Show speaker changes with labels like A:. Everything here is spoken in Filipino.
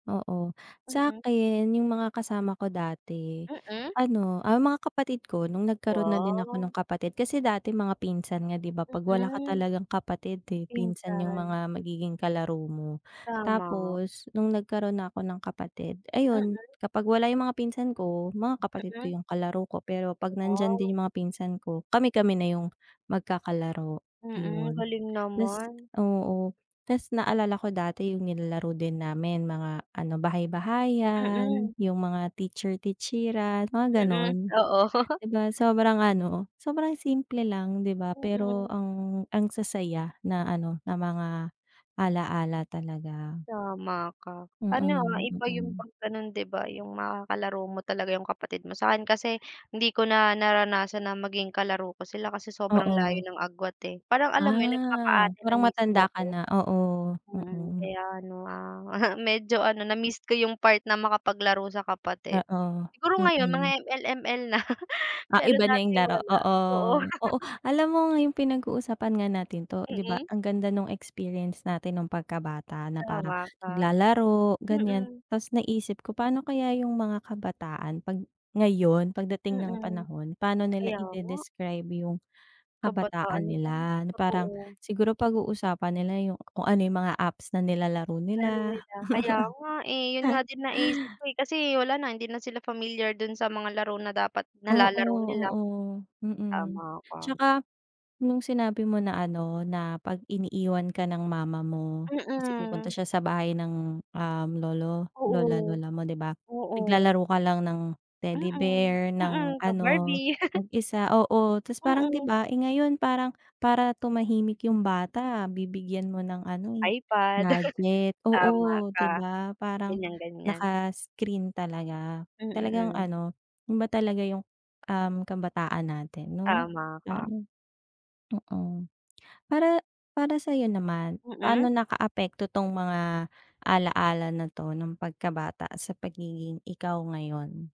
A: Oo,
B: Mm.
A: sa'kin yung mga kasama ko dati
B: Mm.
A: ano, ah, mga kapatid ko, nung nagkaro'n na din ako nung
B: Wow.
A: kapatid kasi dati mga pinsan nga 'di ba 'pag wala ka
B: Mm.
A: talagang kapatid, eh, pinsan yung
B: Pinsan.
A: mga magiging kalaro mo.
B: Tama.
A: Tapos, nung nagkaro'n na 'ko ng kapatid, ayun
B: Mm.
A: kapag wala yung mga pinsan ko, mga kapatid
B: Mm.
A: ko yung kalaro ko. Pero 'pag nandiyan
B: Wow.
A: din yung mga pinsan ko, kami-kami na yung magkakalaro,
B: Mm,
A: yun.
B: galing
A: 'Tas
B: naman.
A: oo, 'tas naalala ko dati yung nilalaro din namin mga ano, bahay-bahayan,
B: Mm.
A: yung mga teacher-teacheran mga
B: Mm,
A: ganon,
B: oo.
A: 'di ba sobrang ano, sobrang simple lang 'di ba, pero
B: Mm.
A: ang ang sasaya na ano, na mga alaala talaga.
B: Tama ka, ano, ah,
A: Mm,
B: iba yung
A: mm.
B: 'pag ganon 'di ba yung makakalaro mo talaga yung kapatid mo. Sa'kin kasi hindi ko na naranasan na maging kalaro ko sila kasi sobrang layo
A: Oo.
B: ng agwat, eh, parang alam mo yun
A: Ah,
B: nagpaka-ate na
A: parang
B: mismo
A: matanda
B: 'ko.
A: ka na oo,
B: Mm,
A: mm.
B: kaya ano, ah, medyo ano na-miss ko yung part na makapaglaro sa kapatid.
A: Oo,
B: Siguro ngayon, mga
A: mm.
B: ML, ML na,
A: Ah,
B: pero
A: iba na
B: dati
A: yung laro
B: wala
A: oo,
B: oo.
A: oo alam mo yung pinag-uusapan nga natin 'to 'di ba
B: Mm.
A: ang ganda nung experience natin nung pagkabata, na parang
B: Tama ka.
A: naglalaro, ganyan,
B: Mm.
A: 'tas naisip ko pa'no kaya yung mga kabataan 'pag ngayon, pagdating ng
B: Mm.
A: panahon, pa, no nila
B: Kaya nga.
A: ide-describe yung
B: Kabataan
A: kabataan
B: nila 'no,
A: nila na parang
B: totoo.
A: siguro pag-uusapan nila yung kung ano yung mga apps na nilalaro
B: Laro
A: nila.
B: nila, kaya nga, eh, yun nga din naiisip ko, eh, kasi wala na hindi na sila familiar dun sa mga laro na dapat
A: Oo,
B: nalalaro nila.
A: oo, mm.
B: Tama ka.
A: 'Tsaka, nung sinabi mo na ano, na 'pag iniiwan ka ng mama mo kasi pupunta
B: Mm.
A: siya sa bahay ng, um, lolo, lola,
B: Oo.
A: lola mo 'di ba,
B: Oo.
A: naglalaro ka lang ng teddy
B: Mm,
A: bear, ng
B: mm, the
A: ano,
B: Barbie.
A: mag-isa oo ta's parang 'di
B: Mm.
A: ba, eh, ngayon parang para tumahimik yung bata bibigyan mo ng ano, eh,
B: iPad,
A: gadget
B: tama
A: oo 'di
B: ka,
A: ba parang
B: ganyang-ganyan.
A: naka-screen talaga, talagang
B: Mm.
A: ano yun ba talaga yung, um, kabataan natin 'no?
B: Tama ka.
A: [unintelligible] Mm, para, para sa'yo naman, paano
B: Mm.
A: nakaapekto 'tong mga alaala na 'to nung pagkabata sa pagiging ikaw ngayon?